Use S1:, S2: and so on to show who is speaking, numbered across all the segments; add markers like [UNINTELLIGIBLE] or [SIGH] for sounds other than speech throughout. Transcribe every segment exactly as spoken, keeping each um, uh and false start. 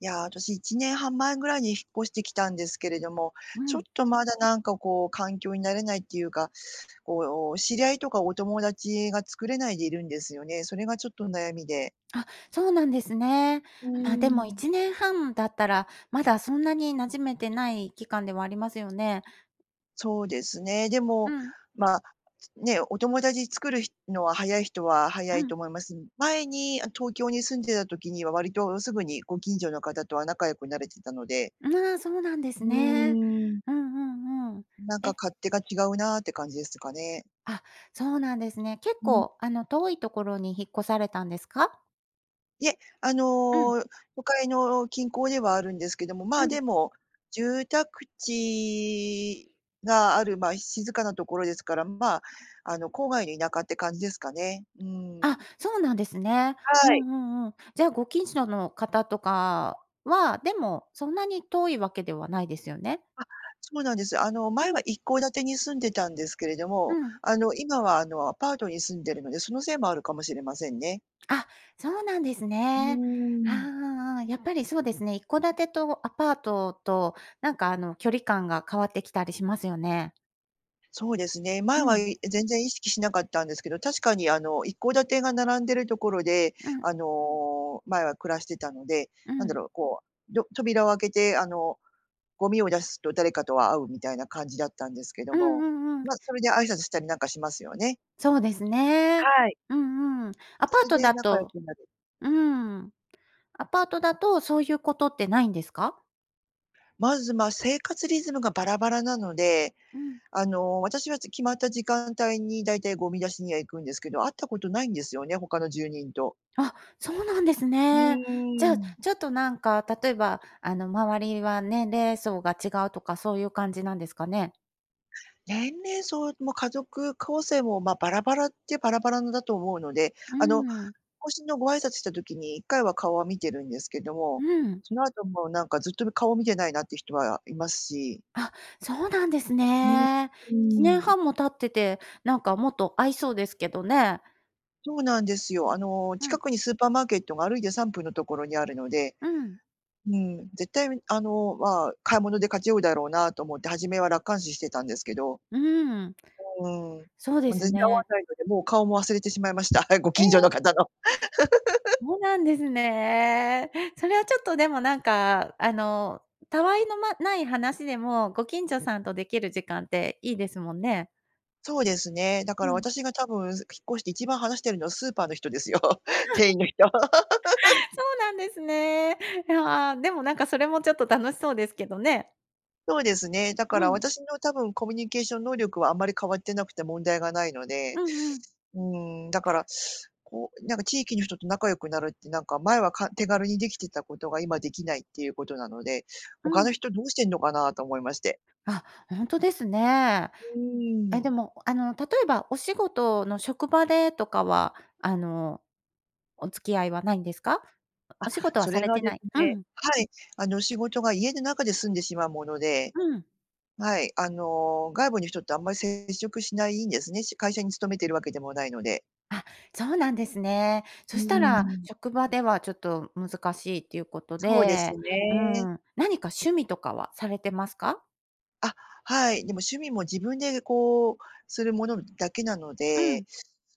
S1: いや、私いちねんはんまえぐらいに引っ越してきたんですけれども、
S2: う
S1: ちょっ
S2: ん。
S1: とまだなんかこう環境に慣れないっていうか、こう知り合いとかお友達が作れないでいるんですよね。それがちょっと悩みで。
S2: あ、そうなんですね。
S1: う
S2: ま、でも
S1: ー
S2: い
S1: ん。
S2: ちねんはんだったら、まだそんなに馴染めてない期間ではありますよね。
S1: そうですね、で
S2: う
S1: も、
S2: ん。
S1: ま、つね、お友達作るひのは早い人は早
S2: う
S1: いと
S2: ん。
S1: 思います、ん前に、あの、東京に住んでた時には割とすぐにご近所の方とは仲良くなれてたので。
S2: ん、ああ、そうなんです
S1: うー
S2: ね。
S1: ん。
S2: うんうんうん。
S1: なんか
S2: え
S1: 勝手が違うなって感じですかね。
S2: あ、そうなんですね。結
S1: うん。
S2: 構、あの、遠いところに引っ越されたんですか？
S1: いえ、あ
S2: うん。
S1: の、都会の近郊ではあるんですけども、ま
S2: う
S1: あ、
S2: ん。
S1: でも、住宅地がある、ま、静かなところですから、ま、あの、郊外の田舎って感じですかね。う
S2: あ、
S1: ん。
S2: そうなんですね。
S1: は
S2: うん
S1: い。
S2: うんうん。じゃあご近所の方とかは、でもそんなに遠いわけではないですよね。
S1: あ、そうなんです。あの、
S2: う
S1: 前は
S2: ん。
S1: 一戸建てに住んでたんですけれど
S2: う
S1: も、
S2: ん。
S1: あの、今はあの、アパートに住んでるので、そのせいもあるかもしれませんね。
S2: あ、そうなんです
S1: うー
S2: ね、ああ
S1: ん。
S2: ああああ。やっぱりそうですね、一戸建てとアパートとなんか、あの、距離感が変わってきたりしますよね。
S1: そうですね、前
S2: う
S1: は、
S2: ん。
S1: い全然意識しなかったんですけど、確かにあの一戸建てが並んでるところで、
S2: うん。
S1: あの前は暮らしてたので、
S2: う
S1: なん
S2: ん。
S1: だろう、こうド扉を開けてあのゴミを出すと誰かとは会うみたいな感じだったんですけど
S2: うん
S1: も、
S2: うんうん。
S1: まそれで挨拶したりなんかしますよね。
S2: そうですね。
S1: はい。
S2: うんうん。アパ
S1: そ
S2: ー
S1: れ
S2: ト
S1: で
S2: だ
S1: 仲良
S2: と
S1: くなる。
S2: うん、アパートだとそういうことってないんですか？
S1: まず、ま、生活リズムがバラバラなので、
S2: うん。
S1: あの私はき決まった時間帯にだいたいゴミ出しには行くんですけど、会ったことないんですよね、他の住人と。
S2: あ、そうなんです
S1: う
S2: ね。じゃ
S1: ー
S2: あ、
S1: ん。
S2: ちょっとなんか例えばあの周りは年齢層が違うとかそういう感じなんですかね。
S1: 年齢層も家族構成も、まあ、バラバラっちゃバラバラのだと思うので、
S2: う
S1: あの
S2: ん。
S1: 更新のご挨拶した時にいっかいは顔は見てるんですけど
S2: う
S1: も、
S2: ん。
S1: その後もなんかずっとむ顔を見てないなっていう人はいますし。
S2: あ、そうなんです
S1: うん、
S2: ね。
S1: う
S2: いちねん
S1: ん。
S2: はんも経ってて、なんかもっと会いそうですけどね。
S1: そうなんですよ。あの、
S2: うん。
S1: 近くにスーパーマーケットが歩いてさんぷんのところにあるので、
S2: うん。
S1: うん、絶対に、あの、まあ、買い物でかち合うだろうなと思って、初めは楽観視してたんですけど。
S2: うん。
S1: うーん、
S2: そうで
S1: ま、
S2: す
S1: 全然会わ
S2: ね。
S1: ないのでもう顔も忘れてしまいました、ご
S2: え
S1: 近所の
S2: え。
S1: 方の。[LAUGHS]
S2: そうなんですね。それはちょっとでもなんか、あの、たわいのまない話でもご近所さんとできる時間っていいですもんね。
S1: そうですね、だか
S2: う
S1: ら
S2: ん。
S1: 私が多分引っ越して一番話してるのはスーパーの人ですよ、店
S2: [LAUGHS]
S1: 員の人。
S2: そ
S1: [LAUGHS]
S2: うなんですね。いや、でもなんかそれもちょっと楽しそうですけどね。
S1: そうですね、だか
S2: う
S1: ら
S2: ん。
S1: 私の多分コミュニケーション能力はあまり変わってなくて問題がないの
S2: う
S1: で、
S2: んうん。
S1: うーん、だから、こう、なんか地域の人と仲良くなるってなんか前は、か手軽にできてたことが今できないっていうことなので、
S2: う
S1: 他の
S2: ん。
S1: 人どうしてんのかなと思いまして。
S2: あ、ほんとですね。
S1: う
S2: え、
S1: ー
S2: で
S1: ん。
S2: も、あの、例えばお仕事の職場でとかは、あの、お付き合いはないんですか？お
S1: あ、
S2: お仕事は
S1: そ
S2: さ
S1: れ
S2: れ
S1: が
S2: て
S1: で
S2: な
S1: す
S2: い。う
S1: ね、
S2: ん。
S1: はい、あの、仕事が家の中で済んでしまうもので。
S2: うん。
S1: はい、あの、外部の人ってあんまり接触しないんですね。会社に勤めているわけでもないので。
S2: あ、そうなんですね。そ
S1: うー
S2: したら
S1: ん。
S2: 職場ではちょっと難しいということ
S1: そうです
S2: で、うー
S1: ね。
S2: ん、何か趣味とかはされてますか？
S1: あ、はい。でも趣味も自分で、こう、するものだけなの
S2: う
S1: で、
S2: ん。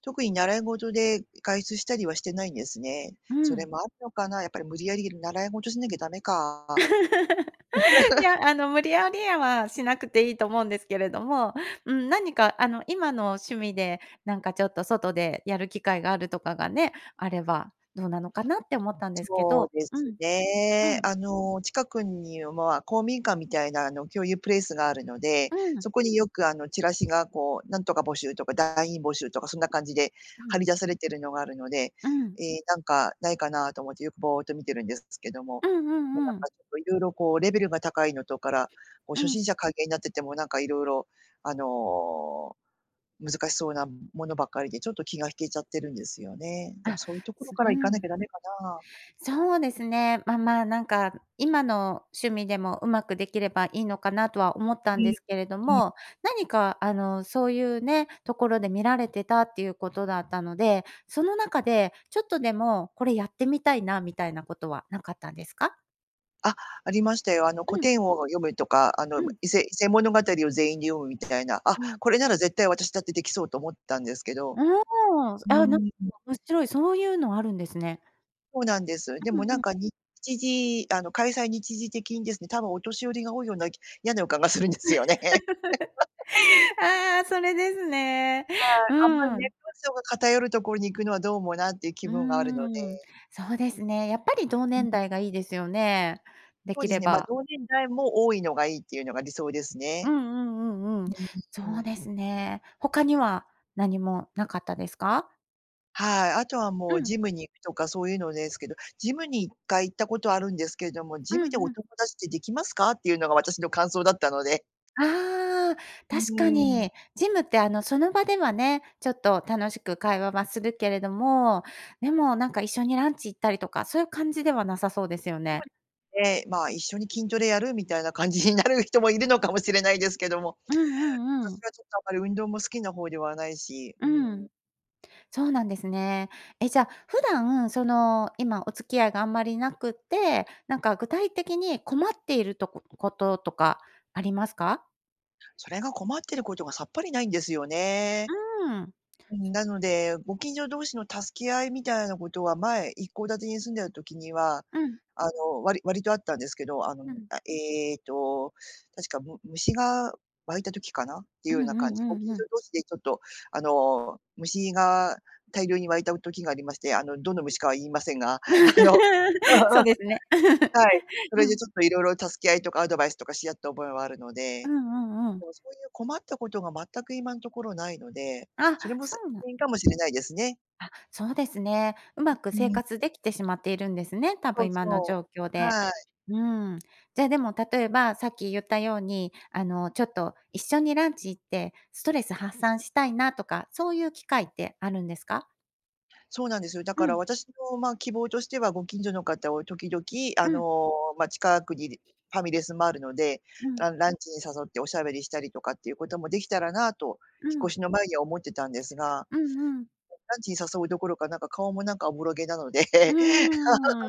S1: 特に習い事で外出したりはしてないんですね。
S2: う
S1: それ
S2: ん。
S1: もあるのかな、やっぱり無理やり習い事しなきゃ駄目か。
S2: [LAUGHS] い
S1: [LAUGHS]
S2: や、あの、無理矢理いは、しなくていいと思うんですけれども、うん。何かあの、今の趣味でなんかちょっと外でやる機会があるとかがねあれば、どうなのかなって思ったんですけ
S1: そう
S2: ど。
S1: で
S2: う
S1: す
S2: ん。
S1: ね。
S2: うん。
S1: あの、近くには公民館みたいな、あの、共有プレイスがあるので、
S2: うん。
S1: そこによく、あの、チラシがこう「なんとか募集」とか「団員募集」とかそんな感じで
S2: う
S1: 貼
S2: ん。
S1: り出されてるのがあるので、
S2: うん。
S1: ええ、なんかないかなと思ってよくぼおっと見てるんですけども、
S2: うんう
S1: なん
S2: ん
S1: か
S2: うん。
S1: ちょっと色々こうレベルが高いのとから、こう
S2: う
S1: 初
S2: ん。
S1: 心者歓迎になっててもなんかいろいろ、あの、難しそうなものばっかりで、ちょっと気が引けちゃってるんですよね。でも
S2: あ、
S1: そういうところ
S2: す
S1: か
S2: う
S1: ら行かなき
S2: ん。
S1: ゃだめかな。
S2: そうですね、まま、なんか今の趣味でも、うまくできればいいのかなとは思った
S1: う
S2: んで
S1: ん。
S2: すけれど
S1: うん。
S2: も、何かあの、そういうね、ところで見られてたっていうことだったので、その中でちょっとでもこれやってみたいなみたいなことはなかったんですか？
S1: あありましたよ。あの古
S2: うん。
S1: 典を読むとか、あの、
S2: うん。
S1: 伊勢伊勢物語を全員で読むみたいな、「あ、
S2: とわん。
S1: これなら絶対私だってできそう」と思ったんですけ
S2: あ
S1: ど。う
S2: あ。あ、なんか
S1: ーん。
S2: 面白い、そういうのあるんですね。
S1: そうなんです。で
S2: う
S1: もな
S2: ん
S1: ん
S2: うん。
S1: か日時あの、開催日時的にですね、多分お年寄りが多いようなやな予感がするんですよね。
S2: [LAUGHS]
S1: [LAUGHS]
S2: ああ、それですね。
S1: はい、
S2: う
S1: あんまり
S2: ー
S1: 年齢
S2: ん。
S1: 層が偏るところに行くのはどうもなっていう気
S2: う
S1: 分があるの
S2: ーん、
S1: で。
S2: そうですね。やっぱり同
S1: う
S2: 年
S1: ん。
S2: 代がいいですよね、で
S1: そう
S2: き
S1: です
S2: れ
S1: ね、ま、
S2: ば。
S1: 同年代も多いのがいいっていうのが理想です
S2: う
S1: ね。
S2: んうんうんうん。そ
S1: うー
S2: う
S1: ん。
S2: ですね。他には何もなかったですか？
S1: はい、あとはも
S2: う
S1: う
S2: ん。
S1: ジムに行くとかそういうのですけど、ジムにいっかい行ったことあるんですけれども、
S2: う
S1: ジムで
S2: んう
S1: お
S2: ん。
S1: 友達ってできますか？っていうのが私の感想だったので。
S2: ああ、
S1: う
S2: 確か
S1: ーん。
S2: にジムってあのその場ではね、ちょっと楽しく会話はするけれども、でもなんか一緒にランチ行ったりとか、そういう感じではなさそうですよ
S1: つ
S2: ね。
S1: まり。で、まあ一緒に筋トレやるみたいな感じになる人もいるのかもしれないですけども、
S2: うんうんう
S1: 私
S2: ん。
S1: はちょっとあんまり運動も好きな方ではないし。う
S2: う
S1: ー
S2: ん。
S1: ん。
S2: そうなんですね。え、じゃ、普段その今お付き合いがあんまりなくって、なんか具体的に困っているとここととかありますか？
S1: それが困ってることがさっぱりないんですよね。
S2: うん。
S1: うん、なので、ご近所同士の助け合いみたいなことは、前、一戸建てに住んでた時には、
S2: うん。
S1: あの、割割とあったんですけど。あの、う
S2: う
S1: ん、
S2: ん。
S1: あ、ええと、確かむ虫が湧いた時かなってい
S2: う
S1: うよ
S2: ん
S1: うな
S2: う
S1: 感
S2: ん
S1: じ。ご
S2: うんう
S1: 近所
S2: ん。
S1: 同士で、ちょっと、あの、虫が大量に湧いた、う、時がありまして、あの、どの虫かは言いませんが。あの、
S2: [LAUGHS] そう
S1: [LAUGHS]
S2: ですね。
S1: はい。そ
S2: [LAUGHS] う
S1: れで
S2: ん。
S1: ちょっと色々助け合いとかアドバイスとかし合った覚えはあるの
S2: う
S1: で。
S2: んうんう
S1: で
S2: ん。
S1: も、そういう困ったことが全く今んところないので、
S2: あ、
S1: それも
S2: そ
S1: す
S2: うなん
S1: 原因かもしれないですね。
S2: あ、そうですね。うまく
S1: う
S2: 生
S1: ん。
S2: 活できてしまっているんですね、た
S1: そ
S2: ぶん
S1: う
S2: 今の
S1: そ
S2: 状況
S1: う。
S2: で。
S1: はい。
S2: うん。じゃあ、でも例えば、さっき言ったように、あの、ちょっと一緒にランチ行ってストレス発散したいなとか、そういう機会ってあるんですか？
S1: そうなんですよ。だ
S2: う
S1: から
S2: ん。
S1: 私の、ま、希望としては、ご近所の方を時々、あ
S2: うん。
S1: の、ま、近くにでファミレスもあるので、
S2: うん。
S1: ランランチに誘っておしゃべりしたりとかっていうこともできたらなと
S2: う
S1: 引っ越
S2: ん。
S1: しの前には思ってたんですが
S2: うんうん。
S1: ランチに誘うどころか、なんか、顔も、なんか、おぼろげなので。
S2: う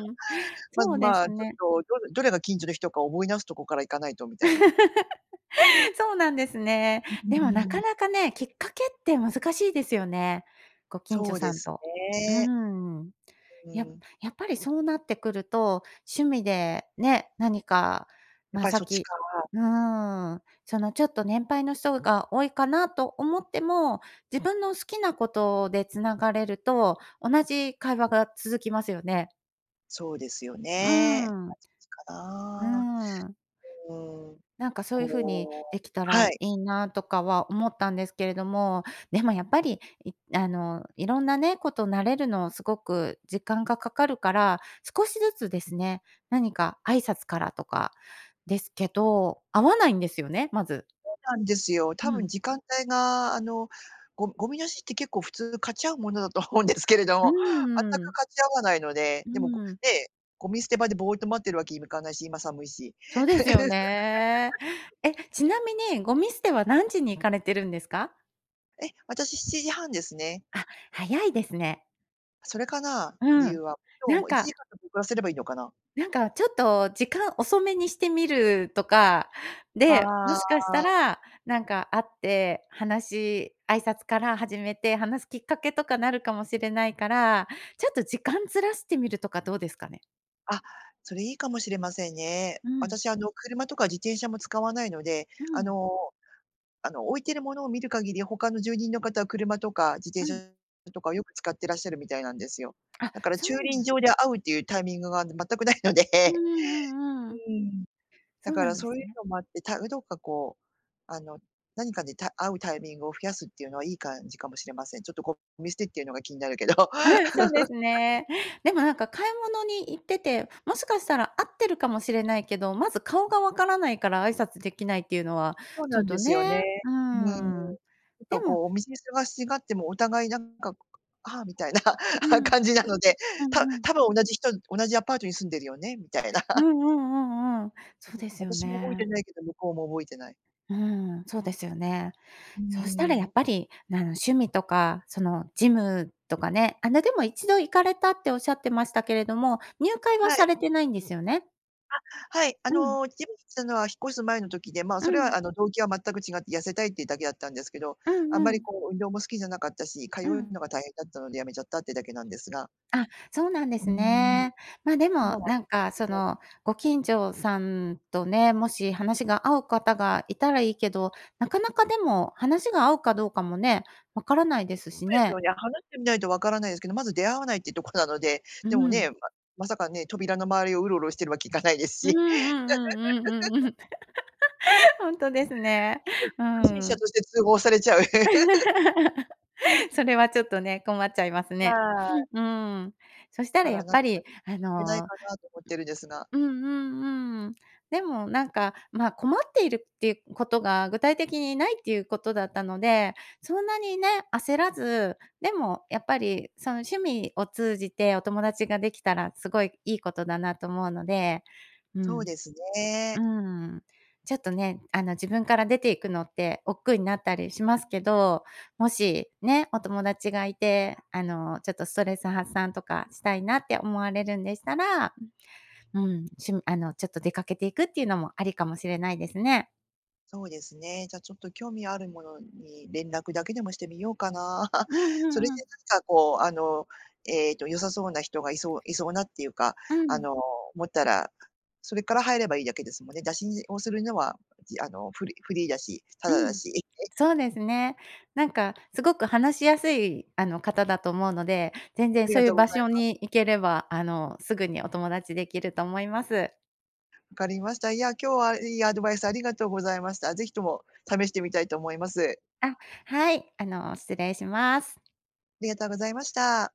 S2: ーん、
S1: ま
S2: そうで
S1: ま
S2: す
S1: あちょ
S2: ね。
S1: っと、どどれが近所の人か覚え直すところから行かないと、みたいな。
S2: [LAUGHS] そうなんですね。
S1: うー
S2: でも、なか
S1: ん。
S2: なかね、きっかけって難しいですよね。ご近所
S1: そう
S2: さ
S1: で
S2: ん
S1: す
S2: と。う
S1: ね。
S2: ーん、
S1: う
S2: や
S1: ん。
S2: やっぱりそうなってくると、趣味でね、何か、
S1: やっ
S2: ま、
S1: ぱり
S2: さっ
S1: そっち
S2: き
S1: か。
S2: うん、その、ちょっと年配の人が多いかなと思っても、自分の好きなことで繋がれると同じ会話が続きますよね。
S1: そうですよ
S2: う
S1: ね。挨
S2: ん。
S1: 拶か
S2: う
S1: な。
S2: ん。
S1: うーん、
S2: なんか、そういう風に
S1: こ
S2: え
S1: う
S2: きた
S1: は
S2: らい
S1: い。
S2: いなとかは思ったんですけれども。でも、やっぱり、いあの、色んなね、事慣れるのを凄く時間が掛かるから、少しずつですね、何か挨拶からとかですけど、会わないんですよね、まず。
S1: そうなんですよ、多
S2: う
S1: 分、
S2: ん。
S1: 時間帯があの、ごゴミ出しって、結構、普通かち合うものだと思うんですけれど
S2: う
S1: も全
S2: んう
S1: く
S2: ん。
S1: かち合わないので。
S2: う
S1: でも、ご
S2: ん。
S1: ね、ゴミ捨て場でぼーっと待ってるわけにもいかないし、今寒いし
S2: そうですよね。
S1: [LAUGHS]
S2: え、ちなみにゴミ捨ては何時に行かれてるんですか？
S1: え？私、しちじはんですね。
S2: あ、早いですね。
S1: それかな？
S2: う
S1: 理由
S2: ん、
S1: は。今日、
S2: な
S1: も
S2: ん
S1: う、いちじ
S2: か
S1: かんだけ遅らせればいいのかな？
S2: なんか、ちょっと時間遅めにしてみるとか。で、も
S1: あ
S2: しかした
S1: あ。
S2: ら、なんか会って話し挨拶から始めて話すきっかけとかなるかもしれないから、ちょっと時間ずらしてみるとかどうですかね？
S1: あ、それいいかもしれませんね。
S2: うん。
S1: 私、あの、車とか自転車も使わないので、
S2: う
S1: あ
S2: ん。
S1: のあの置いてるものを見る限り、他の住人の方は車とか自転
S2: うん。
S1: 車とかをよく使ってらっしゃるみたいなんですよ。
S2: あ、
S1: だから
S2: そ
S1: 駐
S2: うなん
S1: 輪
S2: だ
S1: 場で会うっていうタイミングが全くないので、
S2: うんうんうんうん。
S1: うん、だ
S2: そう
S1: か
S2: な
S1: ら
S2: んで
S1: そ
S2: す
S1: ういう
S2: ね。
S1: のもあって、たどっかこう、あの、何かにた会うタイミングを増やすっていうのはいい感じかもしれません。ちょっとこう、ゴミ捨てっていうのが気になるけど [LAUGHS]
S2: うん、そうですねでもなんか買い物に行ってて、もしかしたら会ってるかもしれないけど、まず顔がわからないから挨拶できないっていうのは
S1: そう
S2: ち
S1: な
S2: ょっ
S1: んで
S2: と
S1: すよね。
S2: ね、う
S1: うん、ちょ
S2: ん。
S1: っ
S2: で
S1: と
S2: も
S1: こうお店にすがしがってもお互いなんか、「ああ」みたいな
S2: うん、
S1: 感じなので、
S2: うん
S1: た
S2: うん。
S1: 多分同じ人同じアパートに住んでるよねみたいな。
S2: う
S1: [CHUCKLES]
S2: んうんうんうん。そですよ
S1: 私も覚えて
S2: ね。
S1: ないけど、向こうも覚えてない。
S2: うん、そうですよね。
S1: う
S2: そしたらや
S1: ん。
S2: っぱり、あの、趣味とかそのジムとかね、あ、でも一度行かれたっておっしゃってましたけれども、入会は
S1: は
S2: さ
S1: い。
S2: れてないんですよね。
S1: あ、はい、あ
S2: うん。
S1: の、ジムに行ったのは引っ越す前の時で、まあ、
S2: う
S1: それは
S2: ん。
S1: あの動機は全く違って痩せたいっていうだけだったんですけど、
S2: うん
S1: あんま
S2: う
S1: り
S2: ん。
S1: こう運動も好きじゃなかったし、通
S2: う
S1: う
S2: ん。
S1: のが大変だったのでやめちゃったってだけなんですが。
S2: あ、そうなんで
S1: う
S2: す
S1: ん。
S2: ね。まあ、で
S1: 今
S2: も
S1: は
S2: なん
S1: ちょ
S2: かそ
S1: っと [UNINTELLIGIBLE]
S2: の、ご近所さんとね、もし話が合う方がいたらいいけど、なかなかでも話が合うかどうかもねわからないですし
S1: そうですよ
S2: ね。
S1: ね、話してみないとわからないですけど、まず出会わないってとこなので、
S2: う
S1: でも
S2: ん。
S1: ね、ままさかね、扉の周りをウロウロしてるわけにいかないです
S2: うんう
S1: し。
S2: んうんうんうんうん。[LAUGHS] ほんとですね。
S1: うん、
S2: う
S1: 不審者
S2: ん。
S1: として通報されちゃう。[LAUGHS]
S2: [LAUGHS] それはちょっとね、困っちゃいます
S1: は
S2: ね。
S1: い。
S2: [SNIFFS] うん。そした
S1: だか
S2: らや
S1: ら
S2: っ
S1: 何
S2: ぱ
S1: かき
S2: り
S1: っ
S2: あ
S1: かけない
S2: の、
S1: かな、と思ってるんですが。
S2: うんうんうんうん。でもなんか、まあ、困っているっていうことが具体的にないっていうことだったので、そんなにね、焦らず、でもやっぱり、その趣味を通じてお友達ができたらすごいいいことだなと思うので、う
S1: そう
S2: ん
S1: ですね。
S2: うん。ちょっとね、あの自分から出ていくのって億劫になったりしますけど、もしね、お友達がいて、あの、ちょっとストレス発散とかしたいなって思われるんでしたら、うん、しゅんあのちょっと出かけていくっていうのもありかもしれないですね。
S1: そうですね、じゃあちょっと興味あるものに連絡だけでもしてみようかな。[LAUGHS]
S2: うんう
S1: それ
S2: ん
S1: で
S2: うん。
S1: なんかこうあの、えっと良さそうな人がいそういそうなっていうか、
S2: う
S1: あ
S2: ん。
S1: の、思ったら、それから入ればいいだけですもんね。打診をするのは、じあの、フリフリーだし、タ
S2: う
S1: ダだ
S2: ん、
S1: し。
S2: そうですね。なんかすごく話しやすい、あの方だと思うので、全
S1: あ
S2: 然
S1: り
S2: そ
S1: が
S2: うい
S1: と
S2: う
S1: うござ
S2: 場
S1: い
S2: 所
S1: ます。
S2: に行ければ、あの、すぐにお友達できると思います。
S1: 分かりました。いや、今日はいいアドバイスありがとうございました。是非とも試してみたいと思います。
S2: あ、はい、あの、失礼します。
S1: ありがとうございました。